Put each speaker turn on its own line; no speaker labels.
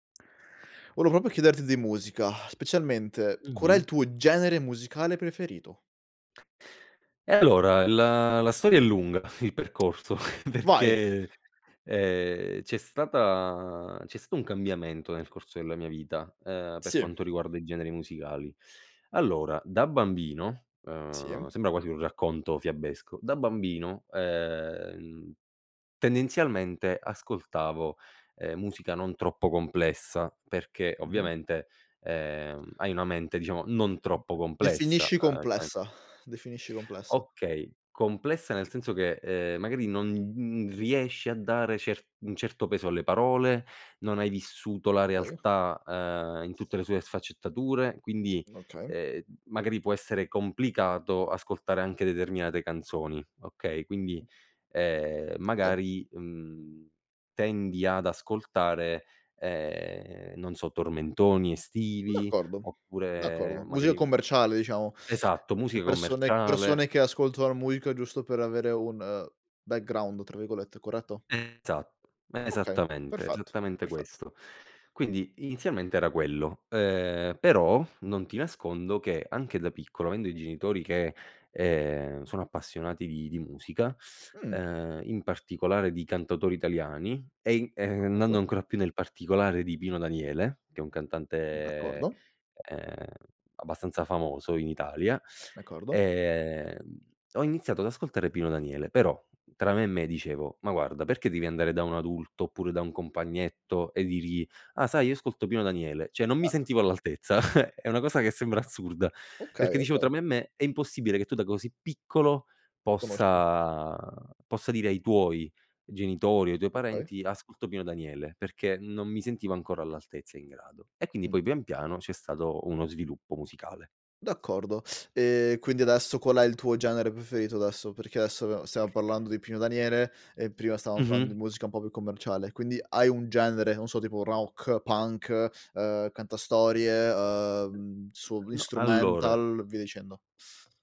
Volevo proprio chiederti di musica, specialmente qual è
Mh-mh.
il tuo genere musicale preferito?
Eh, allora, la la storia è lunga, il percorso,
Vai.
perché, ehm, c'è stata c'è stato un cambiamento nel corso della mia vita, ehm, per
Sì.
quanto riguarda i generi musicali. Allora, da bambino, uhm,
Sì.
sembra quasi un racconto fiabesco, da bambino, ehm, tendenzialmente ascoltavo, ehm, musica non troppo complessa perché
Mh-mh.
ovviamente, ehm, hai una mente, diciamo, non troppo complessa,
Definisci
uhm, [unintelligible]
complessa, definisci complessa.
Okay, complessa nel senso che, ehm, magari non, mhmm, riesci a dare cer un certo peso alle parole, non hai vissuto la
Okay.
realtà, uhm, in tutte le sue sfaccettature, quindi,
Okay.
ehm, m magari può essere complicato ascoltare anche determinate canzoni, okay, quindi, ehm,
Okay.
magari, mhmm, tendi ad ascoltare, ehm, non so, tormentoni estivi
D'accordo,
oppure
d'accordo. Musica
magari
commerciale, diciamo.
Esatto,
Per
musica
persone
commerciale
persone che ascoltano la musica giusto per avere un "background", tra virgolette, corretto?
Esatto,
Okay,
esattamente,
perfetto,
esattamente
perfetto.
questo. Quindi inizialmente era quello, uhm, però non ti nascondo che anche da piccolo, avendo i genitori che, ehm, sono appassionati di di musica,
Mhmm.
ehm, in particolare di cantautori italiani e i ehm, andando
D'accordo.
ancora più nel particolare, di Pino Daniele, che è un cantante,
D'accordo.
ehm, abbastanza famoso in Italia,
D'accordo.
ehm, ho iniziato ad ascoltare Pino Daniele. Però tra me e me dicevo: "Ma guarda perché devi andare da un adulto oppure da un compagnetto e dirgli: "Ah, sai, io ascolto Pino Daniele". Cioè, non mi
Eh
sentivo all'altezza, è una cosa che sembra assurda perché
Okay,
dicevo tra
okay.
me e me: "È impossibile che tu da così piccolo
Conosci.
possa possa dire ai tuoi genitori o ai tuoi
Okay.
parenti: "Ascolto Pino Daniele", perché non mi sentivo ancora all'altezza e in grado. E quindi
Mh.
poi pian piano c'è stato uno sviluppo musicale.
D'accordo, e quindi adesso qual è il tuo genere preferito, adesso? Perché adesso, [unintelligible] stiamo parlando di Pino Daniele e prima stavamo parlando di
Mh-mh.
musica un po' più commerciale, quindi hai un genere, non so, tipo rock, punk, uhm, cantastorie, uhm, su
No, allora
instrumental, via dicendo.